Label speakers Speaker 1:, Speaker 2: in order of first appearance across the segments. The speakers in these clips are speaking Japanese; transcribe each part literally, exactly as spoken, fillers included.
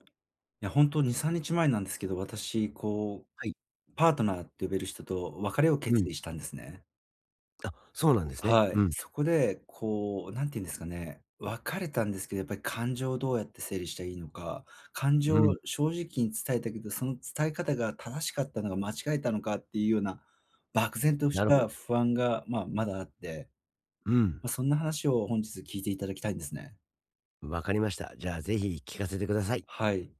Speaker 1: いや、ほんとにさんにちまえなんですけど、私こ
Speaker 2: はい。
Speaker 1: うパートナーって呼べる人と別れを
Speaker 2: う
Speaker 1: 決
Speaker 2: ん。
Speaker 1: 意したんですね。
Speaker 2: あ、そうなんですね。
Speaker 1: はい。
Speaker 2: うん。
Speaker 1: そこで、こう、なんていうんですかね。別れたんですけど、やっぱり、感情をどうやって整理したらいいのか。感
Speaker 2: う
Speaker 1: 情
Speaker 2: ん。
Speaker 1: を正直に伝えたけど、その伝え方が正しかったのか間違えたのかっていうような、漠然とし
Speaker 2: なるほ
Speaker 1: た
Speaker 2: ど。
Speaker 1: 不安がまあ、まだあって。
Speaker 2: うん。
Speaker 1: ま、そんな話を本日聞いて頂きたいんですね。
Speaker 2: 分かりました。じゃあ、ぜひ聞かせてください。
Speaker 1: はい。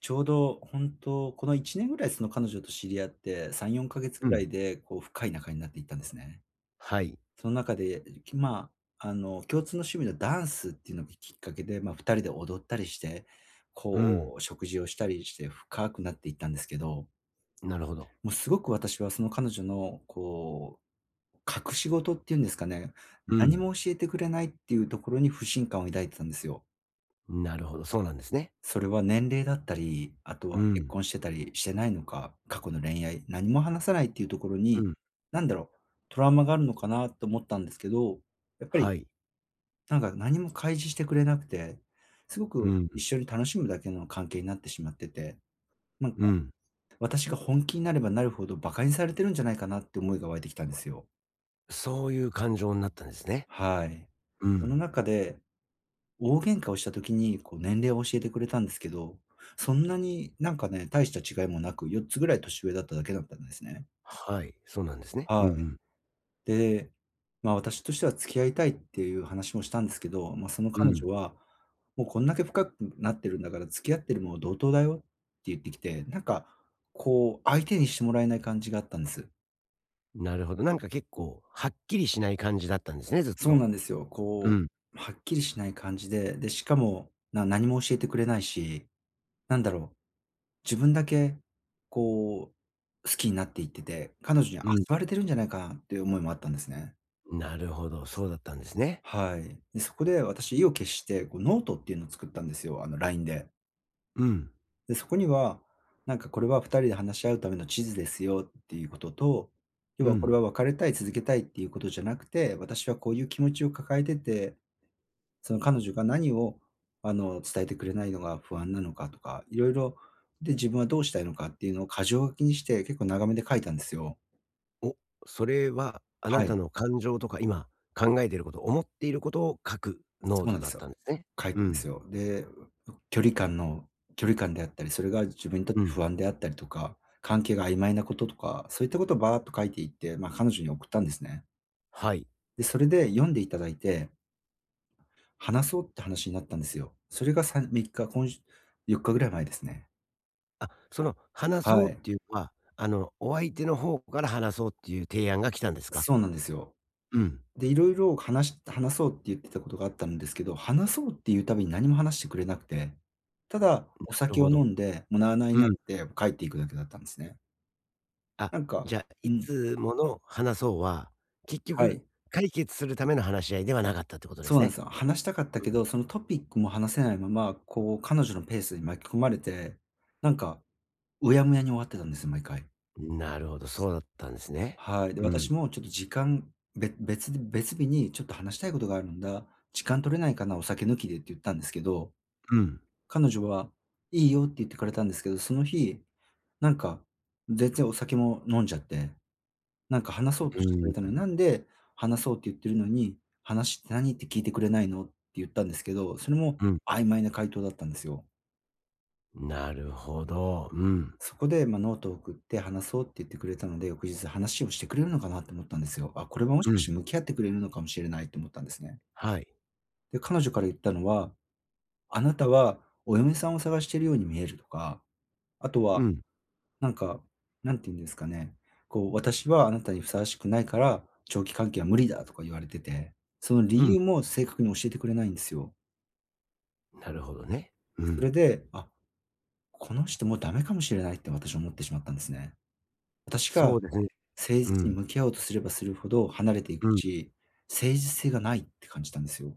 Speaker 1: ちょうどこんとうこのいちねん位その彼女と知り合って、さんよんかげつ
Speaker 2: うん。
Speaker 1: 位でこう深い仲になっていったんですね。
Speaker 2: はい。
Speaker 1: そん中で、きまあ、あの、共通の趣味のダンスっていうのがきっかけで、ま、ふたりで踊ったりして、
Speaker 2: うん。
Speaker 1: こう食事をしたりして、深くなっていったんですけど
Speaker 2: なるほど。
Speaker 1: もうすごく私はその彼女のこう、隠し事っていうんですかね。
Speaker 2: う
Speaker 1: 何
Speaker 2: ん。
Speaker 1: も教えてくれないっていうところに不信感を抱いてたんですよ。
Speaker 2: なるほど、そうなんですね。
Speaker 1: それは年齢だったり、あと
Speaker 2: う
Speaker 1: は結
Speaker 2: ん。
Speaker 1: 婚してたりしてないのか。過去の恋愛、何も話さないっていうところ
Speaker 2: う
Speaker 1: に、
Speaker 2: ん。
Speaker 1: なんだろう、トラウマがあるのかなと思ったんですけど。やっぱり、
Speaker 2: はい。
Speaker 1: 何か何も開示してくれなくて。すご
Speaker 2: う
Speaker 1: く
Speaker 2: ん。
Speaker 1: 一緒に楽しむだけの関係になってしまってて。ま、
Speaker 2: うん。
Speaker 1: 私が本気になればなるほど、馬鹿にされてるんじゃないかなって思いが湧いてきたんですよ。
Speaker 2: そういう感情になったんですね。
Speaker 1: はい。
Speaker 2: う
Speaker 1: その
Speaker 2: ん。
Speaker 1: 中で、大喧嘩をした時に、こう、年齢を教えてくれたんですけど、そんなになんかね、大した違いもなく、よっつ位年上だっただけだったんですね。
Speaker 2: はい、そうなんですね。うん
Speaker 1: は
Speaker 2: う
Speaker 1: い。
Speaker 2: ん。
Speaker 1: で、ま、私としては「付き合いたい」っていう話もしたんですけど、ま、その
Speaker 2: う
Speaker 1: 彼
Speaker 2: ん。
Speaker 1: 女は「もう、こんだけ深くなってるんだから付き合ってるも同等だよ」って言ってきて、何かこう、相手にしてもらえない感じがあったんです。
Speaker 2: なるほど。なんか、結構はっきりしない感じだったんですね、ずっ
Speaker 1: そう
Speaker 2: と。
Speaker 1: なんですよ。
Speaker 2: う
Speaker 1: こ
Speaker 2: ん。
Speaker 1: う、はっきりしない感じで、で、しかも、な何も教えてくれないし、何だろう、自分だけこう好きになっていってて、彼女に遊
Speaker 2: うん。
Speaker 1: ばれてるんじゃないかなっていう思いもあったんですね。
Speaker 2: なるほど、そうだったんですね。
Speaker 1: はい。で、そこで、私意を決して、こうノートっていうのを作ったんですよ、あの、LINE で。
Speaker 2: うん。
Speaker 1: で、そこには、何かこれは、ふたりで話し合うための地図ですよっていうことと、要
Speaker 2: う
Speaker 1: はこれ
Speaker 2: ん。
Speaker 1: は、別れたい続けたいっていうことじゃなくて、私はこういう気持ちを抱えてて、その、彼女が何をあの、伝えてくれないのが不安なのかとか、色々、で自分はどうしたいのかっていうのを箇条書きにして、結構長めで書いたんですよ。
Speaker 2: お、それは、あな
Speaker 1: は
Speaker 2: た
Speaker 1: い。
Speaker 2: の感情とか今考えてること、思っている事を書くノー
Speaker 1: そう
Speaker 2: ト
Speaker 1: なんで
Speaker 2: だっ
Speaker 1: すよ、
Speaker 2: たんですね。
Speaker 1: 書い
Speaker 2: う
Speaker 1: たんで
Speaker 2: ん。
Speaker 1: すよ。で、うう距離感の距離感であったり、それが自分にとっ
Speaker 2: う
Speaker 1: て
Speaker 2: ん。
Speaker 1: 不安であったりとか、関係が曖昧な事とか、そう言った事をバーっと書いていって、ま、彼女に送ったんですね。
Speaker 2: はい。
Speaker 1: で、それで読んで頂いて話そうって話になったんですよ。それが去るみっか、こんしゅよっか位前ですね。
Speaker 2: あ、その話
Speaker 1: は
Speaker 2: そうって
Speaker 1: い。
Speaker 2: 言うのは、あの、お相手の方から話そうって言う提案が来たんですか。
Speaker 1: そうなんですよ。
Speaker 2: うん。
Speaker 1: で、色々かなし話そうって言ってた事があったんですけど、話そうって言う度に何も話してくれなくて、ただ
Speaker 2: ん、
Speaker 1: お
Speaker 2: なる
Speaker 1: 酒を
Speaker 2: ほど。
Speaker 1: 飲んで、もう、なあなあに
Speaker 2: う
Speaker 1: なっ
Speaker 2: ん。
Speaker 1: て帰っていくだけだったんですね。
Speaker 2: あ、
Speaker 1: なんか
Speaker 2: じゃあ、
Speaker 1: う
Speaker 2: い
Speaker 1: ん。
Speaker 2: つもの話そうは、結
Speaker 1: は
Speaker 2: 局
Speaker 1: い。
Speaker 2: 解決する為の話し合いではなかったって事で
Speaker 1: そ
Speaker 2: す
Speaker 1: うなん
Speaker 2: ね。
Speaker 1: すよ。話したかった
Speaker 2: う
Speaker 1: け
Speaker 2: ん。
Speaker 1: ど、そのトピックも話せないまま、こう、彼女のペースに巻き込まれて、何か、うやむやに終わってたんですよ、毎回。
Speaker 2: ん、なるほど、そうだったんすね。
Speaker 1: はい。で、
Speaker 2: うん。
Speaker 1: 私もちょっと時間、べ別で別日に、ちょっと話したい事があるんだ、時間取れないかな、お酒抜きでって言ったんですけど、
Speaker 2: うん。
Speaker 1: 彼女は「いいよ」って言ってくれたんですけど、その日なんか、全然お酒も飲んじゃって、「なんか話
Speaker 2: う
Speaker 1: そう
Speaker 2: う
Speaker 1: としてくれたの
Speaker 2: ー
Speaker 1: に、な
Speaker 2: ん。
Speaker 1: んで話そうって言っているのに、話って何って聞いてくれないの？」って言ったんですけど、それも
Speaker 2: うん。
Speaker 1: 曖昧な回答だったんですよ。
Speaker 2: なるほど。うん。
Speaker 1: そこで、ま、「ノート送って話そう」って言ってくれたので、翌日話をしてくれるのかなと思ったんですよ。あ、これはも
Speaker 2: う
Speaker 1: しかし
Speaker 2: ん。
Speaker 1: て向き合ってくれるのかもしれないと思ったんですね。
Speaker 2: はい。
Speaker 1: で、彼女から言ったのは、「あなたはお嫁さんを探してるように見える」とか、あと
Speaker 2: う
Speaker 1: は
Speaker 2: ん。
Speaker 1: なんか、なんて言うんですかね、こう「私はあなたにふさわしくないから、長期関係は無理」だとか言われてて、その
Speaker 2: う
Speaker 1: 理
Speaker 2: ん。
Speaker 1: 由も正確に教えてくれないんですよ。
Speaker 2: なるほどね。う
Speaker 1: そ
Speaker 2: ん。
Speaker 1: れで、あ、この人もうだめかもしれないって私は思ってしまったんですね。私
Speaker 2: そ
Speaker 1: が
Speaker 2: うでね。
Speaker 1: 誠
Speaker 2: う
Speaker 1: 実に
Speaker 2: ん。
Speaker 1: 向き合おうとすればするほど離れていく
Speaker 2: うん。
Speaker 1: し、誠実性がないって感じたんですよ。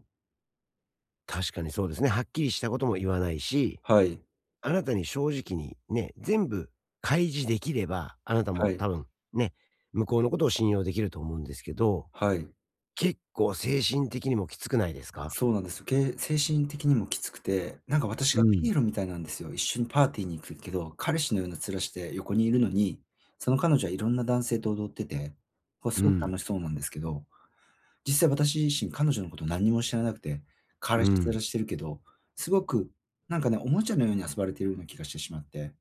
Speaker 2: 確かにそうですね。はっきりしたことも言わないし、
Speaker 1: はい。
Speaker 2: あなたに正直に、ね、全部開示できれば、あなた
Speaker 1: は
Speaker 2: も
Speaker 1: い。
Speaker 2: 多分ね、向こうのことを信用できると思うんですけど、
Speaker 1: はい。
Speaker 2: 結構精神的にもきつくないですか？
Speaker 1: そうなんですよ。け精神的にもきつくて、なんか私
Speaker 2: う
Speaker 1: がピ
Speaker 2: ん。
Speaker 1: エロみたいなんですよ。一緒にパーティーに行くけど、彼氏のような面して横にいるのに、その彼女はいろんな男性と踊ってて、こうす
Speaker 2: う
Speaker 1: ごく
Speaker 2: ん。
Speaker 1: 楽しそうなんですけど、実際私自身彼女のこと何も知らなくて、彼
Speaker 2: う
Speaker 1: 氏
Speaker 2: ん。
Speaker 1: 面してるけど、すごくなんかね、おもちゃのように遊ばれているような気がしてしまって。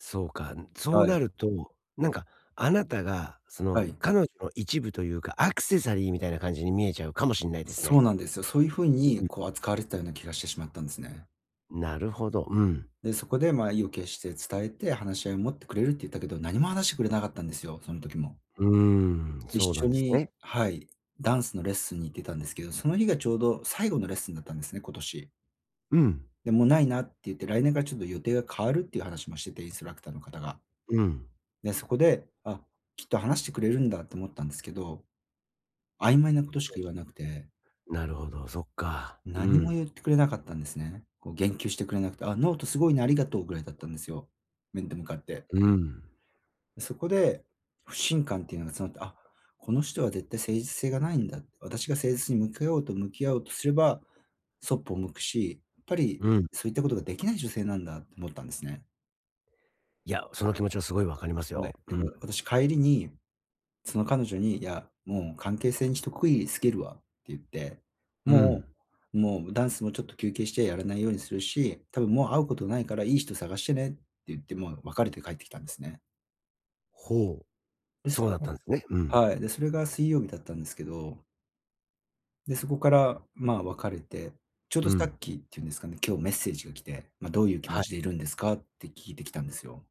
Speaker 2: そうか。ん、そう
Speaker 1: は
Speaker 2: な
Speaker 1: い。
Speaker 2: ると、なんか、あなたが、そ
Speaker 1: は
Speaker 2: の、
Speaker 1: い。
Speaker 2: 彼女の一部というか、アクセサリーみたいな感じに見えちゃうかもしんないです
Speaker 1: そう
Speaker 2: ね。
Speaker 1: なんですよ。そういう風
Speaker 2: う、
Speaker 1: に、
Speaker 2: ふん。
Speaker 1: こう、扱われてたような気がしてしまったんですね。
Speaker 2: なるほど、うん。
Speaker 1: で、そこで、ま、意を決して伝えて、話し合いを持ってくれるって言ったけど、何も話してくれなかったんですよ、その時も。
Speaker 2: うーん。
Speaker 1: 一
Speaker 2: そうなん
Speaker 1: 緒
Speaker 2: です
Speaker 1: に
Speaker 2: ね。
Speaker 1: はい、ダンスのレッスンに行ってたんですけど、その日がちょうど最後のレッスンだったんですね、今年。
Speaker 2: うん。
Speaker 1: で、「もう、ないな」って言って、来年から、ちょっと予定が変わるっていう話もしてて、インストラクターの方が。
Speaker 2: うん。
Speaker 1: で、そこで、あ、きっと話してくれるんだと思ったんですけど、曖昧な事し
Speaker 2: ど
Speaker 1: か言わな
Speaker 2: う
Speaker 1: くて。
Speaker 2: なるほど、そっか。う
Speaker 1: 何も
Speaker 2: ん。
Speaker 1: 言ってくれなかったんですね。こう、言及してくれなくて「あ、ノート凄いな、ありがとう」位だったんですよ、面と向かって。
Speaker 2: うーん。
Speaker 1: そこで、不信感っていうのが募って、あ、この人は絶対誠実性がないんだ。私が誠実に、向き合おうと向き合おうとすれば、そっぽを向くし、やっぱり
Speaker 2: うん。
Speaker 1: そういった事が出来ない女性なんだと思ったんですね。
Speaker 2: いや、その気持ちは凄い分かります
Speaker 1: は
Speaker 2: よ。
Speaker 1: い。え、
Speaker 2: う
Speaker 1: も
Speaker 2: ん。
Speaker 1: う、私帰りに、その彼女に「いや、もう関係性に一区切りつけるわ」って言って
Speaker 2: うん。
Speaker 1: 「もうもう、むダンスもちょっと休憩してやらないようにするし、多分もう会うことないから良い人探してね」って言って、もう別れて帰ってきたんですね。
Speaker 2: ほう、
Speaker 1: です、
Speaker 2: そうだっ
Speaker 1: 今
Speaker 2: た
Speaker 1: 度
Speaker 2: んですね、うん。
Speaker 1: はい、で、それが水曜日だったんですけどで、そこからま、別れて、ちょう
Speaker 2: う
Speaker 1: どさ
Speaker 2: ん。
Speaker 1: っきっていうんですかね、今日メッセージが来て、ま、どういう気持
Speaker 2: はい。
Speaker 1: ちでいるんですかって聞いてきたんですよ。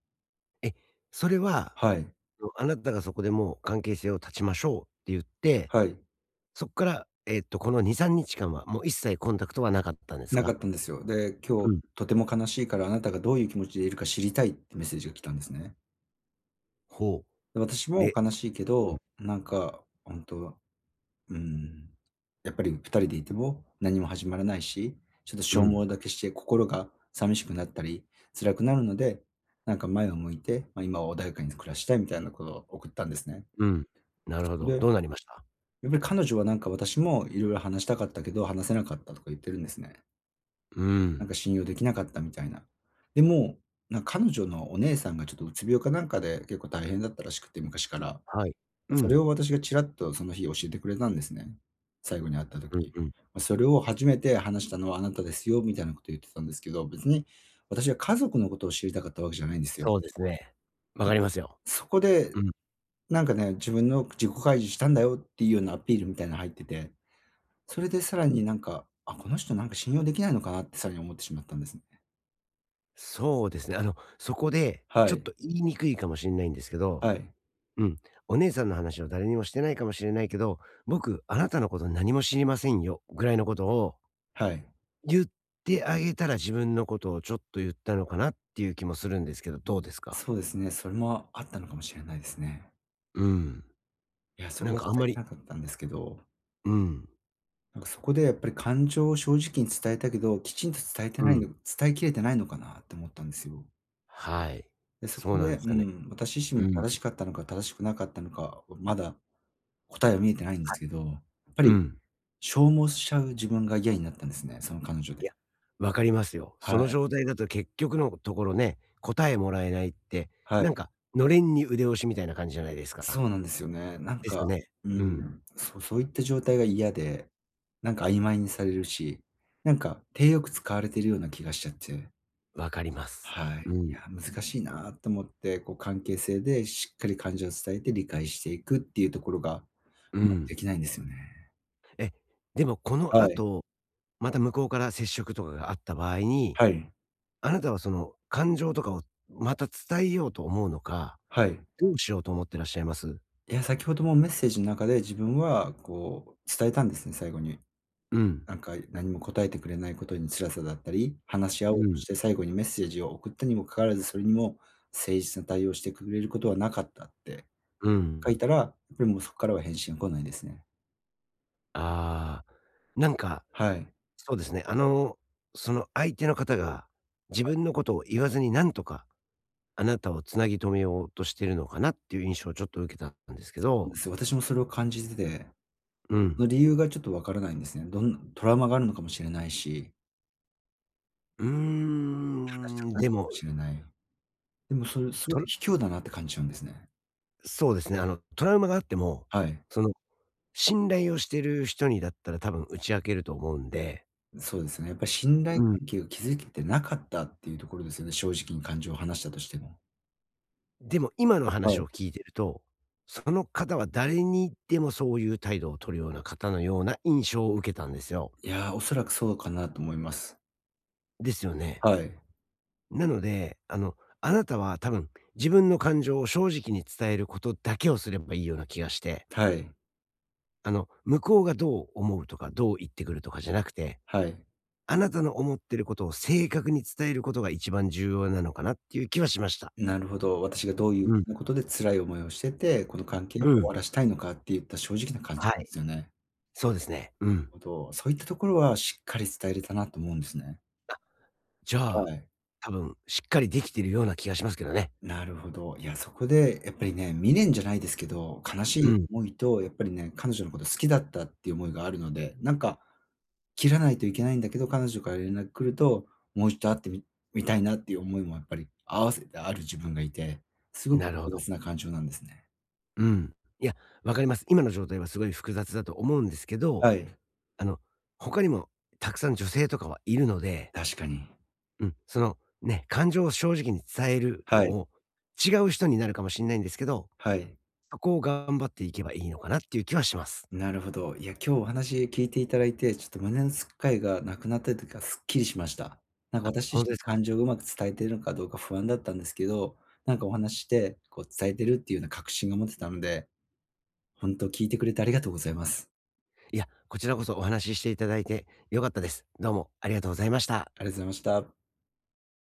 Speaker 2: え、それは、
Speaker 1: はい。
Speaker 2: その、あなたがそこでもう関係性を断ちましょうって言って、
Speaker 1: はい。
Speaker 2: そっから、えっと、このにさんにち間はもう一切コンタクトはなかったんです
Speaker 1: なか
Speaker 2: か？
Speaker 1: ったんですよ。で、今
Speaker 2: う
Speaker 1: 日
Speaker 2: ん。
Speaker 1: とても悲しいから、あなたがどういう気持ちでいるか知りたいってメッセージが来たんですね。
Speaker 2: ほ
Speaker 1: 私
Speaker 2: う。
Speaker 1: も
Speaker 2: で
Speaker 1: 悲しいけ
Speaker 2: うん。
Speaker 1: ど、なんか、ほんとはうーん、やっぱりふたりでいても何も始まらないし、ちょっと
Speaker 2: う
Speaker 1: 消耗
Speaker 2: ん。
Speaker 1: だけして心が寂しくなったり、辛くなるので、なんか、前を向いて、ま、今は穏やかに暮らしたいみたいなことを送ったんですね。
Speaker 2: うん、なる
Speaker 1: そ
Speaker 2: ほ
Speaker 1: こ
Speaker 2: ど。
Speaker 1: でん
Speaker 2: どうなりました？
Speaker 1: で、彼女は、なんか、私も色々話したかったけど、話せなかったとか言ってるんですね。
Speaker 2: うー
Speaker 1: なんか
Speaker 2: ん。
Speaker 1: 信用できなかったみたいな。でも、なん彼女のお姉さんがちょっとうつ病かなんかで結構大変だったらしくて、昔から。ん、
Speaker 2: はい。う
Speaker 1: それ
Speaker 2: ん。
Speaker 1: を私がちらっとその日教えてくれたんですね。最後に会った
Speaker 2: うん
Speaker 1: 時。
Speaker 2: うん。
Speaker 1: ま、それを初めて話したのはあなたですよ、みたいなことを言ってたんですけど、別に私は家族のことを知りたかったわけじゃないんですよ。
Speaker 2: そうですね。わかりますよ。
Speaker 1: そこで、
Speaker 2: うん。
Speaker 1: なんかね、自分の自己開示したんだよっていうようなアピールみたいな入ってて、それでさらに、なんか、あ、この人なんか信用できないのかなってさらに思ってしまったんですね。
Speaker 2: そうですね。あの、そこで
Speaker 1: は
Speaker 2: ちょっ
Speaker 1: い。
Speaker 2: と言いにくいかもしんないんですけど、
Speaker 1: はい。
Speaker 2: うん、お姉さんの話を誰にもしてないかもしれないけど、「僕、あなたのこと何も知りませんよ」ぐらいのことを
Speaker 1: はい。
Speaker 2: 言ってあげたら、自分のことをちょっと言ったのかなっていう気もするんですけど、どうですか？
Speaker 1: そうですね、それもあったのかもしれないですね。
Speaker 2: うん。
Speaker 1: いや、そ
Speaker 2: な
Speaker 1: れ
Speaker 2: ん
Speaker 1: は
Speaker 2: か、
Speaker 1: 伝
Speaker 2: あんま
Speaker 1: え
Speaker 2: り
Speaker 1: てなかったんですけど。
Speaker 2: うん。
Speaker 1: なんかそこで、やっぱり感情を正直に伝えたけど、きちんと伝えて
Speaker 2: う
Speaker 1: ない
Speaker 2: ん。
Speaker 1: の伝えきれてないのかなって思ったんですよ。
Speaker 2: はい。
Speaker 1: で、そ
Speaker 2: そ
Speaker 1: こ
Speaker 2: うなん
Speaker 1: で、
Speaker 2: すか
Speaker 1: う
Speaker 2: ね。
Speaker 1: ん、私自身も
Speaker 2: うん。
Speaker 1: 正しかったのか正しくなかったのか、まだ答えが見えてないんで
Speaker 2: は
Speaker 1: す
Speaker 2: い。
Speaker 1: けど、やっぱ
Speaker 2: う
Speaker 1: り
Speaker 2: ん。
Speaker 1: 消耗しちゃう自分がいやになったんですね、その感情
Speaker 2: い
Speaker 1: で。
Speaker 2: や、分かりますよ。
Speaker 1: は
Speaker 2: その
Speaker 1: い。
Speaker 2: 状態だと結局のところね、答えもらえないって、
Speaker 1: は
Speaker 2: な
Speaker 1: い。
Speaker 2: んか、のれんに腕押しみたいな感じじゃないですか。
Speaker 1: そうなんですよね。なん
Speaker 2: ですよ
Speaker 1: か、
Speaker 2: ね。
Speaker 1: う
Speaker 2: うん。
Speaker 1: ん。そう、そういった状態が嫌で、なんか曖昧にされるし、なんか体よく使われているような気がしちゃって。
Speaker 2: わかります。
Speaker 1: はい。
Speaker 2: うん。
Speaker 1: いや難しいなと思って、こう関係性でしっかり感情を伝えて、理解していくっていうところが、
Speaker 2: うん。
Speaker 1: できないんですよね。
Speaker 2: え、でもこ
Speaker 1: は
Speaker 2: の
Speaker 1: い。
Speaker 2: 後、また向こうから接触とかがあった場合に、
Speaker 1: はい。
Speaker 2: あなたはその感情とかをまた伝えようと思うのか、
Speaker 1: はい。
Speaker 2: どうしようと思ってらっしゃいます？
Speaker 1: いや、先程もメッセージん中で自分はこう伝えたんですね、最後に。
Speaker 2: うん。
Speaker 1: 何か何も答えてくれないことに辛さだったり、話し合お
Speaker 2: う
Speaker 1: う
Speaker 2: ん。
Speaker 1: して最後にメッセージを送ったにもかかわらず、それにも誠実な対応をしてくれることはなかったって
Speaker 2: うんう
Speaker 1: 書い
Speaker 2: ん。
Speaker 1: たら、れもそっからは返信が来ないですね。
Speaker 2: ああ、なんか
Speaker 1: はい。
Speaker 2: そうですね。あの、その相手の方が、自
Speaker 1: はい。
Speaker 2: 分のことを言わずに、なんとかあなたを繋ぎ止めようとしてるのかなっていう印象をちょっと受けたたんですけ
Speaker 1: つうで
Speaker 2: ど。
Speaker 1: すよ。私もそれを感じてて。
Speaker 2: うん。
Speaker 1: あ、理由がちょっと分からないんですね。どんなトラウマがあるのかもしれないし。
Speaker 2: うー
Speaker 1: 話したく
Speaker 2: ん、
Speaker 1: な
Speaker 2: でも。
Speaker 1: しれない。でもそれすご
Speaker 2: と
Speaker 1: く
Speaker 2: る
Speaker 1: 卑怯だなって感じちゃうんですね。
Speaker 2: そうですね、あのトラウマがあっても、
Speaker 1: はい。
Speaker 2: その信頼をしてる人にだったら多分打ち明けると思うんで
Speaker 1: そうですね、やっぱり信
Speaker 2: う
Speaker 1: 頼
Speaker 2: ん。
Speaker 1: 関係を築けてなかったっていうところですよね、正直に感情を話したとしても。
Speaker 2: でも、今の
Speaker 1: は
Speaker 2: 話
Speaker 1: い。
Speaker 2: を聞いてると、その方は誰にでもそういう態度を取るような方のような印象を受けたんですよ。
Speaker 1: いや、おそらくそうかなと思います。
Speaker 2: ですよね。
Speaker 1: はい。
Speaker 2: なので、あの、あなたは多分自分の感情を正直に伝えることだけをすればいいような気がして。
Speaker 1: はい。
Speaker 2: あの、向こうがどう思うとか、どう言ってくるとかじゃなくて、
Speaker 1: はい。
Speaker 2: あなたの思っていることを正確に伝えることが一番重要なのかなっていう気はしました。
Speaker 1: なるほど、私がどういう
Speaker 2: うん。
Speaker 1: なことで辛い思いをしてて、この関係を
Speaker 2: う
Speaker 1: 終
Speaker 2: ん。
Speaker 1: わらせたいのかってゆった正直な感で
Speaker 2: はい。
Speaker 1: すよね。
Speaker 2: そうですね。
Speaker 1: な
Speaker 2: う
Speaker 1: る
Speaker 2: ん。
Speaker 1: ほど、そういったところはしっかり伝えれたなと思うんですね。
Speaker 2: あ、じゃ
Speaker 1: は
Speaker 2: あ、
Speaker 1: い。
Speaker 2: 多分しっかりできてるような気がしますけどね。
Speaker 1: なるほど、いやそこでやっぱりね、未練じゃないですけど、悲し
Speaker 2: う
Speaker 1: い
Speaker 2: ん。
Speaker 1: 思いとやっぱりね、彼女のこと好きだったっていう思いがあるので、なんか切らないといけないんだけど、彼女から連絡来ると、もう一度会ってみみたいなっていう思いもやっぱり併せてある自分がいて、すごく
Speaker 2: なるほど。
Speaker 1: 複雑な感情なんですね。
Speaker 2: うん、いや、わかります。今の状態はすごい複雑だと思うんですけど、
Speaker 1: はい。
Speaker 2: あの、他にもたくさん女性とかはいるので。
Speaker 1: 確かに。
Speaker 2: うん、その、ね、感情を正直に伝えるの
Speaker 1: はい。
Speaker 2: を、違う人になるかもしんないんですけど、
Speaker 1: はい。
Speaker 2: そこを頑張っていけばいいのかなっていう気はします。
Speaker 1: なるほど、いや今日お話聞いていただいて、ちょっと胸のすっかいがなくなったってか、すっきりしました。なんか
Speaker 2: あ、
Speaker 1: 私
Speaker 2: ほん
Speaker 1: 自
Speaker 2: とで
Speaker 1: 身、
Speaker 2: す
Speaker 1: 感
Speaker 2: か。
Speaker 1: 情を上手く伝えてるのかどうか不安だったんですけど、何かお話しして、こう伝えてるっていうような確信を持てたので、ほんと聞いてくれてありがとうございます。
Speaker 2: いや、こちらこそお話ししていただいて良かったです。どうもありがとうございました。
Speaker 1: ありがとうございました。